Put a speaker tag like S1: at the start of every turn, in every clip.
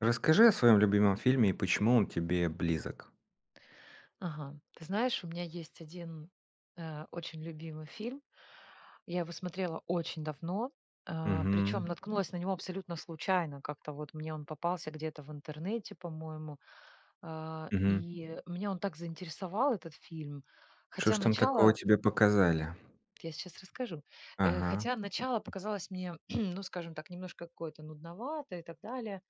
S1: Расскажи о своём любимом фильме и почему он тебе близок?
S2: Ага. Ты знаешь, у меня есть 1, э, очень любимый фильм. Я его смотрела очень давно, а, причем
S1: Мгм.
S2: наткнулась на него абсолютно случайно. Как-то вот мне он попался где-то в интернете, по-моему. А,
S1: Мгм.
S2: и меня он так заинтересовал этот фильм,
S1: Что
S2: хотя
S1: ж там такого
S2: начало
S1: тебе показали?
S2: Я сейчас расскажу. Э,
S1: Ага.
S2: хотя начало показалось мне, ну, скажем так, немножко какое-то нудноватое и так далее.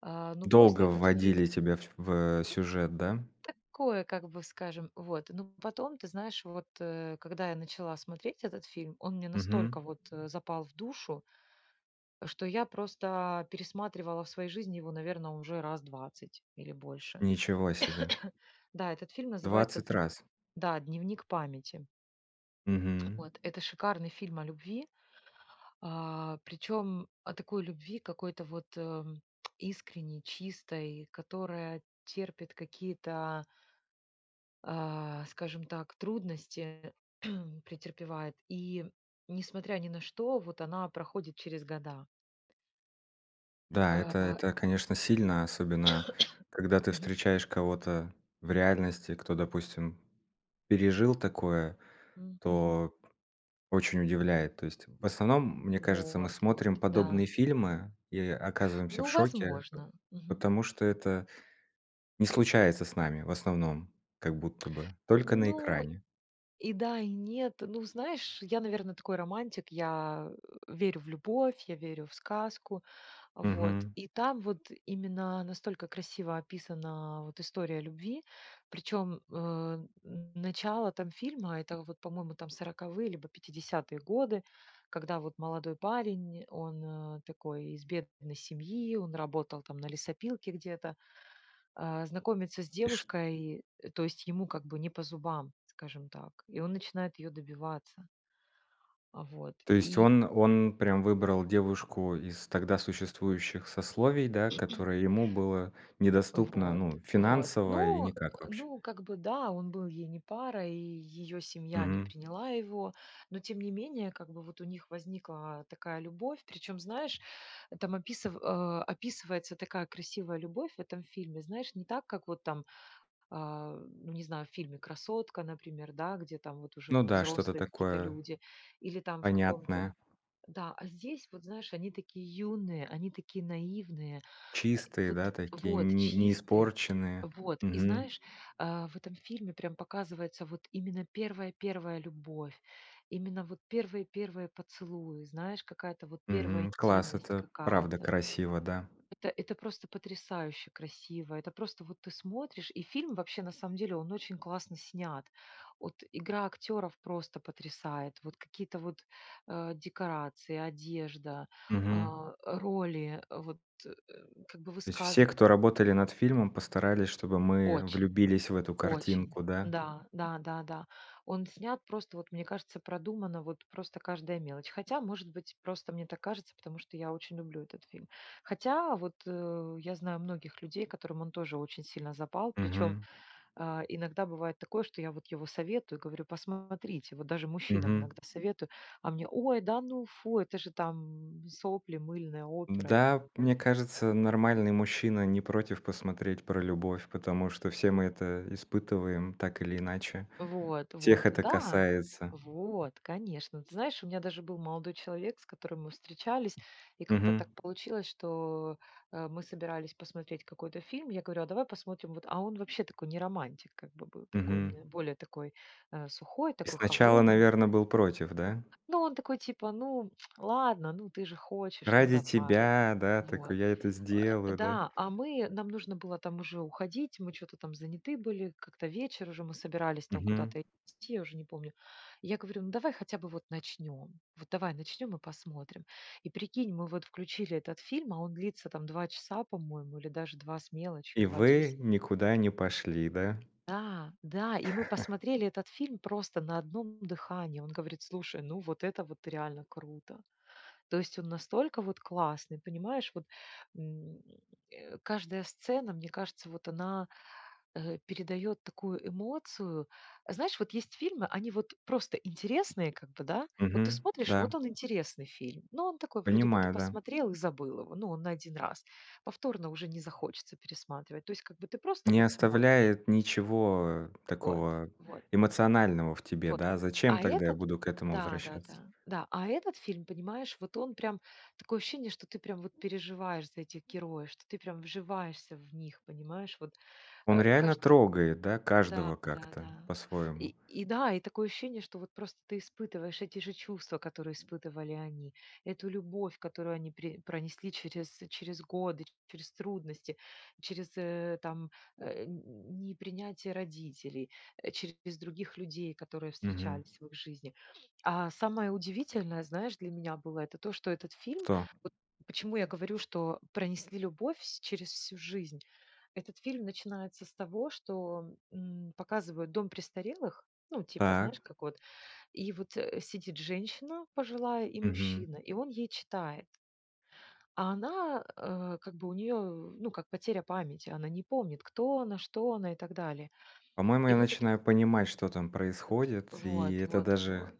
S2: А, ну,
S1: Долго
S2: после этот фильм.
S1: вводили тебя в в, э, сюжет, да?
S2: Такое, как бы скажем, вот, ну, потом ты знаешь, вот, э, когда я начала смотреть этот фильм, он мне
S1: Мгм.
S2: настолько вот, э, запал в душу, что я просто пересматривала в своей жизни его, наверно, уже раз 20 или больше.
S1: Ничего себе.
S2: Да, этот фильм называется
S1: 20
S2: дн
S1: раз.
S2: да, "Дневник Памяти".
S1: Мгм.
S2: Вот, это шикарный фильм о любви, а, причем о такой любви, какой-то вот, эм, искренней, чистой, которая терпит какие-то а, скажем так, трудности, претерпевает и, несмотря ни на что, вот она проходит через года.
S1: Да, это
S2: А.
S1: это, конечно, сильно. Особенно когда ты
S2: Мгм.
S1: встречаешь кого-то в реальности, кто, допустим, пережил такое,
S2: М, мгм.
S1: то очень удивляет. То есть, в основном, мне кажется, мы
S2: Вот, вот,
S1: смотрим подобные
S2: да.
S1: фильмы и оказываемся в
S2: Ну,
S1: шоке, по
S2: возможно. Мгм.
S1: потому что это не случается с нами, в основном, как будто бы, только на
S2: Ну,
S1: экране.
S2: и да, и нет. Ну, знаешь, я, наверно, такой романтик. Я, э, верю в любовь, я верю в сказку. Вот.
S1: Мгм.
S2: И там вот именно настолько красиво описана вот история любви. Причем, э, н начало там фильма, это вот по-моему, там 40-е либо 50-е годы, когда вот молодой парень он, э, такой, из бедной семьи, он работал там на лесопилке где-то. А, знакомиться с
S1: И ш
S2: девушкой, э, то есть ему как бы не по зубам, скажем так. И он начинает ее добиваться. А, вот
S1: То есть
S2: и
S1: он он прям выбрал девушку из тогда существующих сословий, да, которое ему было недоступно,
S2: Вот,
S1: ну,
S2: вот.
S1: финансово и
S2: Ну
S1: никак вообще.
S2: ну как бы, да, он был ей не парой, и ее семья не
S1: Мгм.
S2: приняла его. Но, тем не менее как бы, вот у них возникла такая любовь. Причем, знаешь, там описыв а, описывается такая красивая любовь в этом фильме. Знаешь, не так, как вот там, а, ну, не знаю в фильме "Красотка", например, да, где там вот уже
S1: Ну
S2: в
S1: да, что-то
S2: взрослые какие-то
S1: такое
S2: люди или там в каком-то
S1: понятное.
S2: Да, а здесь, вот знаешь, они такие юные, они такие наивные. Э,
S1: Чистые,
S2: вот
S1: да, такие
S2: Вот,
S1: не не
S2: чистые.
S1: испорченные.
S2: Вот. И
S1: Мгм.
S2: знаешь, а в этом фильме прям показывается вот именно первая, первая любовь, именно вот первые, первые поцелуи, знаешь, какая-то вот 1
S1: Мгм. Класс,
S2: интимность
S1: это правда
S2: какая-то.
S1: красиво, да.
S2: Это это просто потрясающе красиво, это просто вот ты смотришь и фильм вообще, на самом деле, он очень классно снят. От, игра актеров просто потрясает. Вот какие-то вот, э, декорации, одежда,
S1: Мгм.
S2: а, роли вот, э, как бы
S1: То есть все,
S2: высказыва
S1: кто работали над фильмом, постарались, чтобы мы
S2: Очень,
S1: влюбились в эту
S2: очень.
S1: картинку, да?
S2: Да, да, да, да. Он снят просто, вот мне кажется, продумано, вот просто каждая мелочь. Хотя, может быть, просто мне так кажется, потому что я очень люблю этот фильм. Хотя, вот, э, я знаю многих людей, которым он тоже очень сильно запал. Причем,
S1: Мгм.
S2: а, иногда бывает такое, что я вот его советую, говорю: "Посмотрите". Вот даже мужчинам
S1: Мгм.
S2: иногда советую, а мне: "Ой, да ну, фу, это же там сопли мыльные, опера и так
S1: Да,
S2: далее".
S1: мне кажется, нормальный мужчина не против посмотреть про любовь, потому что все мы это испытываем, так или иначе,
S2: Вот,
S1: всех
S2: вот.
S1: это
S2: Да!
S1: касается.
S2: Вот, конечно. Ты знаешь, у меня даже был молодой человек, с которым мы встречались, и как-то
S1: Мгм.
S2: так получилось, что, э, мы собирались посмотреть какой-то фильм, я говорю: "А давай посмотрим вот". А он вообще такой не романтик, как бы был, такой у
S1: Мгм.
S2: меня более такой, э, сухой,
S1: И
S2: такой
S1: сначала,
S2: холодный.
S1: наверно, был против, да?
S2: Ну, он такой типа: "Ну, ладно, ну, ты же хочешь, ну,
S1: Ради
S2: давай".
S1: тебя, да,
S2: Вот.
S1: такой: "Я это
S2: Э,
S1: сделаю!" Да?
S2: да, а мы нам нужно было там уже уходить, мы чё-то там заняты были, как-то вечер уже, мы собирались там
S1: Мгм.
S2: куда-то идти, я уже не помню. Я говорю: "Ну, давай хотя бы вот начнем. Вот давай начнем и посмотрим". И прикинь, мы вот включили этот фильм, а он длится там 2 часа, по-моему, или даже 2 с мелочью,
S1: И
S2: 2:10.
S1: вы никуда не пошли, да?
S2: Да, да, и мы посмотрели этот фильм просто на одном дыхании. Он говорит: "Слушай, ну вот это вот реально круто!" То есть он настолько вот классный, понимаешь вот! М, э, каждая сцена, мне кажется, вот она, э, передает такую эмоцию. Знаешь, вот есть фильмы, они вот просто интересные, как бы да. Вот ты
S1: Мгм.
S2: смотришь,
S1: Да.
S2: вот он интересный фильм. Ну, он такой вроде бы ты
S1: Понимаю, да.
S2: посмотрел и забыл его, ну, он на 1 раз. Повторно уже не захочется пересматривать. То есть как бы ты просто
S1: Не
S2: вот смотришь.
S1: оставляет ничего
S2: Вот,
S1: такого
S2: вот.
S1: эмоционального в тебе,
S2: Вот.
S1: да, зачем
S2: А
S1: тогда я
S2: этот
S1: буду к этому
S2: да, да,
S1: возвращаться?
S2: да. Да, а этот фильм понимаешь, вот он прям, такое ощущение, что ты прям переживаешь за этих героев, что ты прям вживаешься в них. Понимаешь? Вот,
S1: Он
S2: э,
S1: реально
S2: каждый
S1: трогает, да,
S2: Да,
S1: каждого
S2: да,
S1: как-то
S2: да.
S1: по-своему.
S2: И и да, и такое ощущение, что вот просто ты испытываешь эти же чувства, которые испытывали они, эту любовь, которую они при пронесли через через годы, через трудности, через, э, там, э, н н непринятие родителей, э, через других людей, которые
S1: Мгм.
S2: встречались в их жизни. А самое удивительное, знаешь, для меня было- это то, что этот фильм,
S1: Кто?
S2: вот почему я говорю, что пронесли любовь вс через всю жизнь? Этот фильм начинается с того, что, м, показывают дом престарелых. Ну типа, знаешь
S1: Так.
S2: как вот, и вот, э, сидит женщина пожилая и
S1: Мгм.
S2: мужчина, и он ей читает. А она, э, как бы у нее, ну, как потеря памяти, она не помнит, кто она, что она и так далее.
S1: По-моему,
S2: И
S1: я
S2: вот этот
S1: начинаю понимать, что там происходит,
S2: От,
S1: и
S2: вот
S1: это
S2: вот
S1: даже
S2: вот,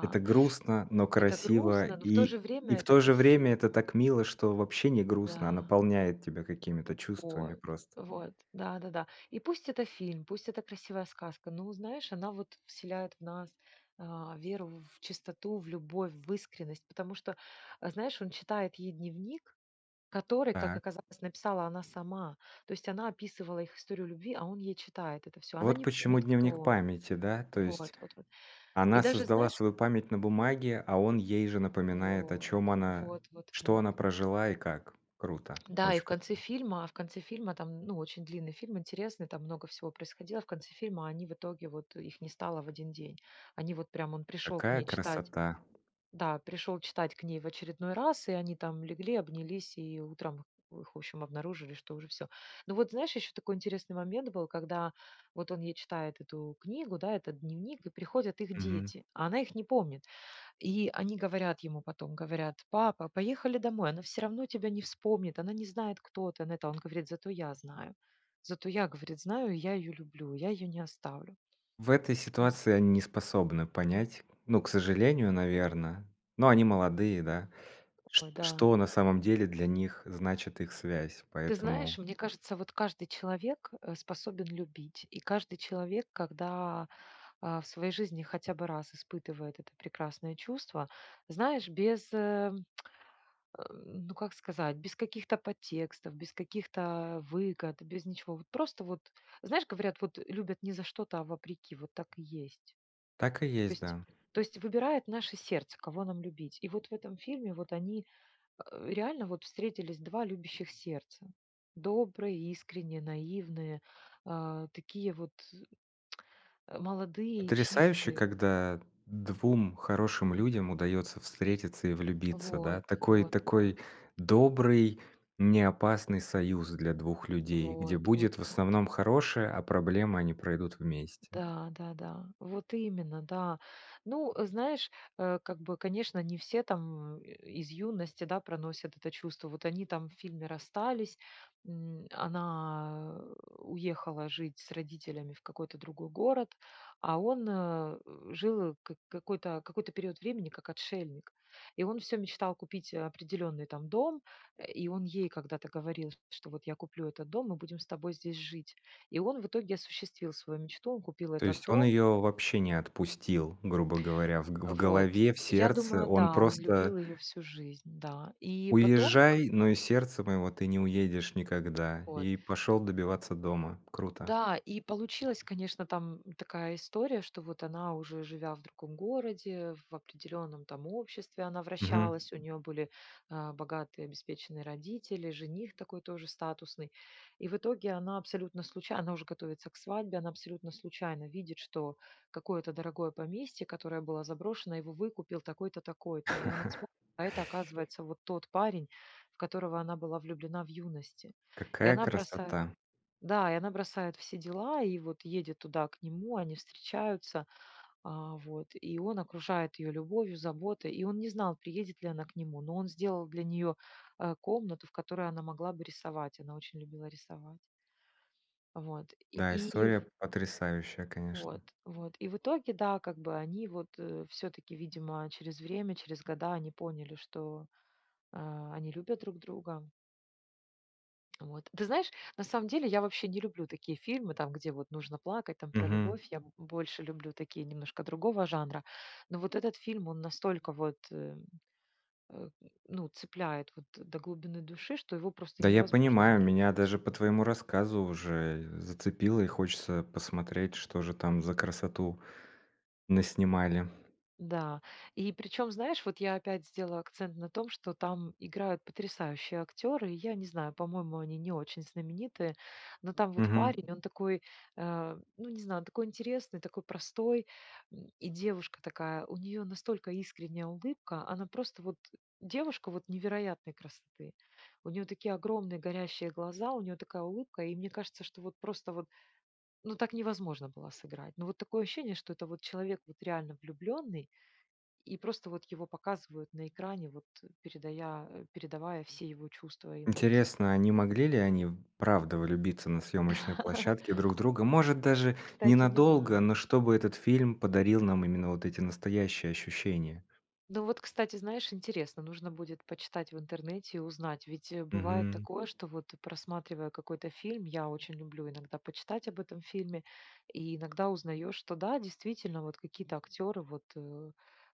S1: это грустно, но
S2: Это
S1: красиво,
S2: грустно, но в то
S1: и
S2: же
S1: и
S2: время
S1: в
S2: это
S1: то же время это
S2: красиво.
S1: так мило, что вообще не грустно, а
S2: Да.
S1: наполняет тебя какими-то чувствами
S2: Вот,
S1: просто.
S2: вот да-да-да. И пусть это фильм, пусть это красивая сказка. Ну, знаешь, она вот вселяет в нас, а, веру в чистоту, в любовь, в искренность, потому что, э, знаешь, он читает ей дневник, который, как
S1: Так.
S2: оказалось, написала она сама. То есть она описывала их историю любви, а он ей читает это всё. Она
S1: Вот
S2: не
S1: почему
S2: помнит, кто
S1: "Дневник
S2: он.
S1: Памяти", да, то есть
S2: Вот вот вот. И
S1: она
S2: даже,
S1: создала
S2: знаешь
S1: свою память на бумаге, а он ей же напоминает, о
S2: Вот.
S1: чем она
S2: Вот вот
S1: что
S2: вот.
S1: она прожила и как. Круто,
S2: Да, и
S1: очень
S2: в конце
S1: круто.
S2: фильма в конце фильма там, ну, очень длинный фильм, интересный, там много всего происходило. В конце фильма они в итоге вот их не стало в один день. Они вот прям, он пришел к
S1: Какая
S2: ней читать
S1: красота!
S2: да, пришел читать к ней в очередной раз, и они там легли, обнялись, и утром их, в общем, обнаружили, что уже всё. Ну, вот знаешь, еще такой интересный момент был, когда вот он ей читает эту книгу, да, этот дневник, и приходят их
S1: Мгм.
S2: дети, а она их не помнит. И они говорят ему, потом говорят: "Папа, поехали домой. Она все равно тебя не вспомнит. Она не знает, кто ты". Он это, он говорит: "Зато я знаю. Зато я",- говорит,- "знаю, и я ее люблю. Я ее не оставлю".
S1: В этой
S2: О.
S1: ситуации они не способны понять. Ну, к сожалению,
S2: А.
S1: наверно, но они молодые, да,
S2: Ой,
S1: шт
S2: да.
S1: что на самом деле для них значит их связь,
S2: Ты
S1: поэтому
S2: знаешь, мне кажется, вот каждый человек, э, способен любить. И каждый человек, когда, а, в своей жизни хотя бы раз испытывает это прекрасное чувство, знаешь, без, э, ну, как сказать, без каких-то подтекстов, без каких-то выгод, без ничего. Вот просто вот, знаешь, говорят, вот любят не за что-то, а вопреки, вот так и есть.
S1: Так и
S2: То
S1: есть,
S2: есть
S1: да.
S2: то есть выбирает наше сердце, кого нам любить. И вот в этом фильме вот они, э, реально вот встретились 2 любящих сердца: добрые, искренние, наивные, а, такие вот, э, молодые и
S1: Потрясающе,
S2: чистые.
S1: когда 2 хорошим людям удается встретиться и влюбиться,
S2: Вот,
S1: да, такой
S2: вот, вот.
S1: такой добрый, неопасный союз для 2 людей, где
S2: Вот, вот,
S1: будет в
S2: вот.
S1: основном хорошее, а проблемы, они пройдут вместе.
S2: Да, да-да, вот именно, да. Ну, знаешь, э, как бы, конечно, не все там, э, из юности, да, проносят это чувство. Вот они там в фильме расстались, м, она, э, уехала жить с родителями в какой-то другой город, а он, э, жил, как какой-то какой-то период времени, как отшельник. И он всё мечтал купить определенный там дом. Э, и он ей когда-то говорил, что вот я куплю этот дом, мы будем с тобой здесь жить. И он в итоге осуществил свою мечту. Он купил
S1: То
S2: этот
S1: есть он
S2: дом.
S1: ее вообще не отпустил, грубо говоря, в г в
S2: Э, вот.
S1: голове, в
S2: Я
S1: сердце
S2: думаю,
S1: он
S2: да, он
S1: просто
S2: любил ее всю жизнь, да, и потом к
S1: "Уезжай,
S2: к
S1: но из сердца моего ты не уедешь никогда".
S2: Вот.
S1: И пошел добиваться дома. Круто!
S2: Да, и получилась, конечно, там такая история, что вот она, уже живя в другом городе, в определенном там обществе она
S1: Мгм.
S2: вращалась, у нее были, а, богатые обеспеченные родители, жених такой тоже статусный. И в итоге она абсолютно случай она уже готовится к свадьбе, она абсолютно случайно видит, что какое-то дорогое поместье, которое было заброшено, его выкупил такой-то, такой-то. И она вспоминает, а это оказывается вот тот парень, в которого она была влюблена в юности. И
S1: Какая
S2: она бросает
S1: красота!
S2: да, и она бросает все дела, и вот едет туда к нему. Они встречаются, а, вот. И он окружает ее любовью, заботой, и он не знал, приедет ли она к нему, но он сделал для нее, э, комнату, в которой она могла бы рисовать. Она очень любила рисовать. Вот
S1: Да,
S2: и и
S1: история
S2: в
S1: п потрясающая, конечно!
S2: вот вот, и в итоге, да, как бы они вот, э, всё-таки, видимо, через время, через года они поняли, что, а, они любят друг друга. Вот. Ты знаешь, на самом деле я вообще не люблю такие фильмы, там где вот нужно плакать, там про
S1: Мгм.
S2: любовь, я больше люблю такие немножко другого жанра. Но вот этот фильм он настолько вот, э, э, ну цепляет вот до глубины души, что его просто
S1: Да, я
S2: невозможно не
S1: понимаю, меня
S2: любить.
S1: даже по твоему рассказу уже зацепило, и хочется посмотреть, что же там за красоту наснимали.
S2: Да, и причем, знаешь, вот я опять сделаю акцент на том, что там играют потрясающие актеры. Я не знаю, по-моему, они не очень знаменитые, но там вот
S1: Мгм.
S2: парень- он такой, э, ну, не знаю, такой интересный, такой простой. М, и девушка такая: у нее настолько искренняя улыбка, она просто вот девушка невероятной красоты. У нее такие огромные горящие глаза, у нее такая улыбка. И мне кажется, что вот просто вот, ну, так невозможно было сыграть. Но вот такое ощущение, что это вот человек вот реально влюбленный, и просто вот его показывают на экране, вот передая э, передавая все его чувства и эмоции.
S1: Интересно, а не могли ли они правда влюбиться на съемочной площадке друг в друга. Может, даже
S2: Кстати не
S1: ненадолго,
S2: знаю.
S1: но чтобы этот фильм подарил нам именно вот эти настоящие ощущения.
S2: Ну вот, кстати, знаешь, интересно. Нужно будет почитать в интернете и узнать. Ведь, э, бывает
S1: Мгм.
S2: такое, что вот, просматривая какой-то фильм- я очень люблю иногда почитать об этом фильме- и иногда узнаешь, что да, действительно, вот какие-то актеры вот, э,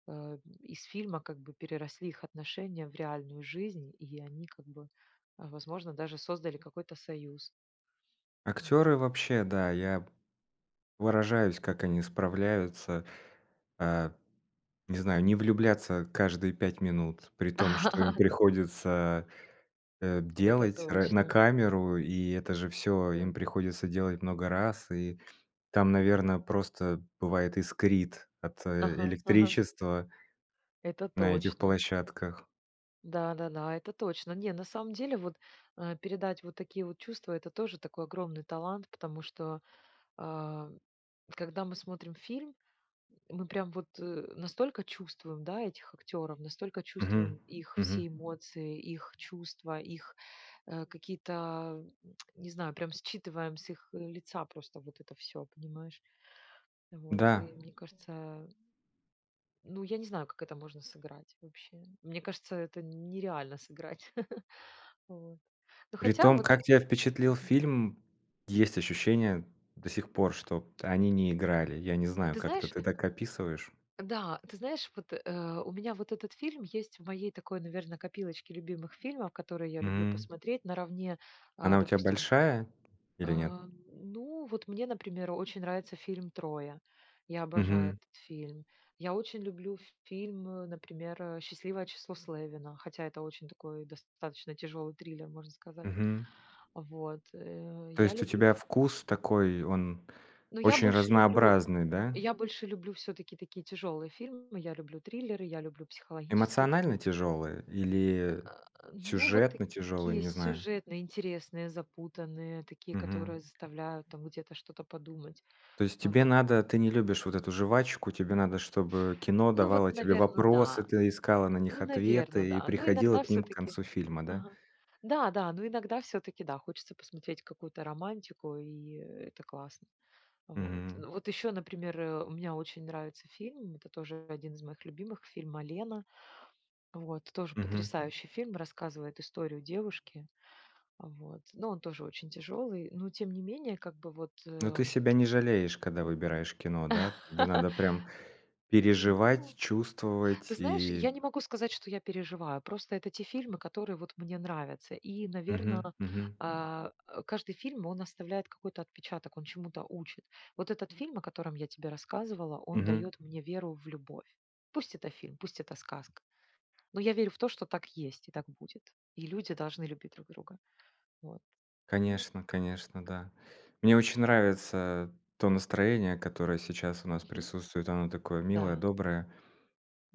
S2: э, из фильма как бы, переросли их отношения в реальную жизнь, и они как бы, возможно, даже создали какой-то союз. Мгм.
S1: Актеры вообще, да. Я поражаюсь, как они справляются, а, не знаю, не влюбляться каждые 5 минут, при том что им приходится, э,
S2: Это
S1: делать р на
S2: точно.
S1: камеру. И это же всё им
S2: Да-да.
S1: приходится делать много раз, и там, наверно, просто бывает искрит от, э,
S2: Ага ага.
S1: электричества
S2: Это
S1: на этих
S2: точно.
S1: площадках.
S2: Да-да-да, это точно. Не, на самом деле, вот, э, передать вот такие вот чувства- это тоже такой огромный талант, потому что, а, когда мы смотрим фильм, мы прям вот, э, настолько чувствуем, да, этих актеров, настолько чувствуем
S1: Мгм
S2: их
S1: мгм.
S2: все эмоции, их чувства, их, э, какие-то, а,, не знаю, прям считываем с их лица просто вот это всё, понимаешь, вот.
S1: Да.
S2: И мне кажется ну, я не знаю, как это можно сыграть. Вообще, мне кажется, это нереально сыграть. Вот. Но хотя
S1: Притом,
S2: вот.
S1: как тебя впечатлил
S2: Мгм.
S1: фильм, есть ощущение до сих пор, что от они не играли. Я не знаю,
S2: Ты
S1: как это
S2: знаешь
S1: ты так описываешь.
S2: Да. Ты знаешь вот, э, у меня вот этот фильм есть в моей такой наверно копилочке любимых фильмов, которые я люблю
S1: М.
S2: посмотреть наравне, а,
S1: Она у тебя
S2: допустим
S1: большая, или нет?
S2: А, ну вот мне, например, очень нравится фильм "Троя". Я обожаю
S1: Мгм.
S2: этот фильм. Я очень люблю ф фильм, э, например, э, "Счастливое число Слевина", хотя это очень такой достаточно тяжелый триллер, можно сказать.
S1: Мгм.
S2: Вот. Э,
S1: То
S2: я
S1: есть у
S2: люблю
S1: тебя
S2: фи
S1: вкус такой, он
S2: Ну я
S1: очень
S2: больше люблю
S1: разнообразный, да?
S2: я больше люблю все-таки такие тяжелые фильмы, я люблю триллеры, я люблю психологические
S1: Эмоционально
S2: такие трил
S1: тяжелые или
S2: А, ну вот
S1: сюжетно тяжелые,
S2: такие
S1: не знаю.
S2: сюжетные, интересные, запутанные, такие,
S1: Мгм.
S2: которые заставляют там где-то что-то подумать.
S1: То есть
S2: А
S1: тебе
S2: вот.
S1: надо, ты не любишь вот эту жвачку, тебе надо, чтобы кино
S2: Ну вот,
S1: давало тебе
S2: наверно,
S1: вопросы,
S2: да.
S1: ты искала на них
S2: Ну, наверно,
S1: ответы и
S2: да. Ну
S1: приходила
S2: иногда
S1: к ним к
S2: все-таки
S1: концу фильма, да?
S2: Ага. Да-да, но иногда все-таки, да, хочется посмотреть какую-то романтику, и это классно. Вот.
S1: Мгм.
S2: Вот еще, например, а, мне очень нравится фильм, это тоже один из моих любимых— фильм "Малена". Вот. Тоже
S1: Мгм.
S2: потрясающий фильм, рассказывает историю девушки. Вот. Но он тоже очень тяжелый, но тем не менее. Как бы вот,
S1: Но
S2: э
S1: ты себя не жалеешь, когда выбираешь кино, да? Тебе надо прям переживать,
S2: Ну.
S1: чувствовать
S2: Ты знаешь, я
S1: и
S2: не могу сказать, что я переживаю. Просто это те фильмы, которые вот мне нравятся. И
S1: Мгм
S2: наверно,
S1: мгм.
S2: а, каждый фильм он оставляет какой-то отпечаток, он чему-то учит. Вот этот фильм, о котором я тебе рассказывала, он
S1: Мгм.
S2: дает мне веру в любовь. Пусть это фильм, пусть это сказка. Но я верю в то, что так есть, и так будет. И люди должны любить друг друга. Вот. Ну
S1: Конечно конечно, да. Мне очень нравится то настроение, которое сейчас у нас
S2: Мгм.
S1: присутствует, оно такое милое,
S2: Да.
S1: доброе.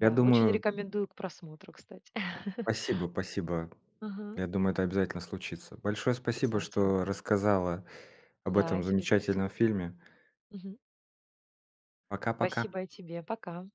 S1: Я
S2: очень
S1: думаю
S2: рекомендую к просмотру, кстати.
S1: Спасибо, спасибо,.
S2: Ага.
S1: Я думаю это обязательно случится. Большое спасибо,
S2: Обязательно.
S1: что рассказала об
S2: Да и
S1: этом
S2: тебе
S1: замечательном
S2: спасибо.
S1: фильме.
S2: Мгм.
S1: Пока-пока.
S2: Спасибо и тебе. Пока.